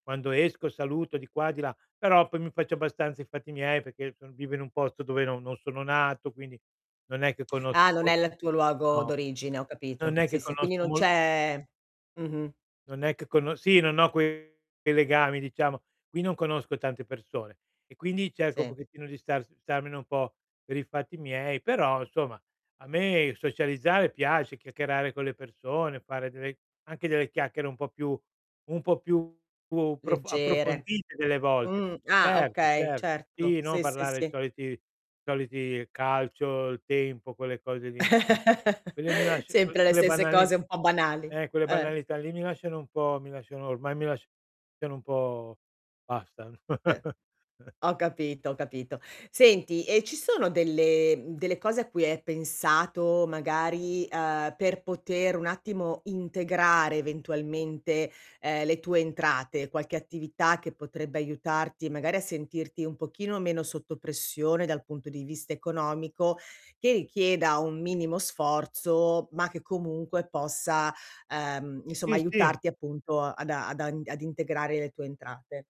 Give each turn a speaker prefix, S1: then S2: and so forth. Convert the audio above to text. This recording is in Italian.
S1: Quando esco saluto di qua e di là, però poi mi faccio abbastanza i fatti miei, perché so vivo in un posto dove no non sono nato, quindi non è che conosc
S2: Ah, non
S1: mol
S2: è l tuo luogo
S1: No,
S2: d'origine, ho
S1: non
S2: capito.
S1: è che
S2: Sì, sì, quindi
S1: conosco
S2: non
S1: mol
S2: c'è Mh-mh.
S1: non è che cono sì non ho quei legami diciamo, qui non conosco tante persone, e quindi cerco un
S2: Sì.
S1: pochettino di stars starmene un po' per i fatti miei, però, insomma, a me socializzare piace, chiacchierare con le persone, fare delle anche delle chiacchiere un po' più un po' più prof
S2: Leggere.
S1: approfondite delle volte.
S2: Mh, ah,
S1: Cert
S2: okay,
S1: cert
S2: certo,
S1: Sì, no
S2: sì, sì,
S1: parlare i
S2: sì.
S1: soliti i soliti calcio, il tempo, quelle cose lì, inso Quelle mi lascia que
S2: Sempre le
S1: quelle
S2: stesse
S1: banali
S2: cose un po' banali.
S1: eh, quelle
S2: Eh.
S1: banalità lì mi lasciano un po' mi lasciano ormai mi lasciano un po' basta.
S2: Eh. Ho capito, ho capito. Senti, e ci sono delle mhmm, delle cose a cui hai pensato, magari, uhm, per poter un attimo integrare eventualmente, ehm, le tue entrate, qualche attività che potrebbe aiutarti, magari a sentirti un pochino meno sotto pressione, dal punto di vista economico, che richieda un minimo sforzo, ma che comunque possa, uhm, insomma
S1: Sì, sì.
S2: aiutarti, appunto, ad a ad an ad integrare le tue entrate?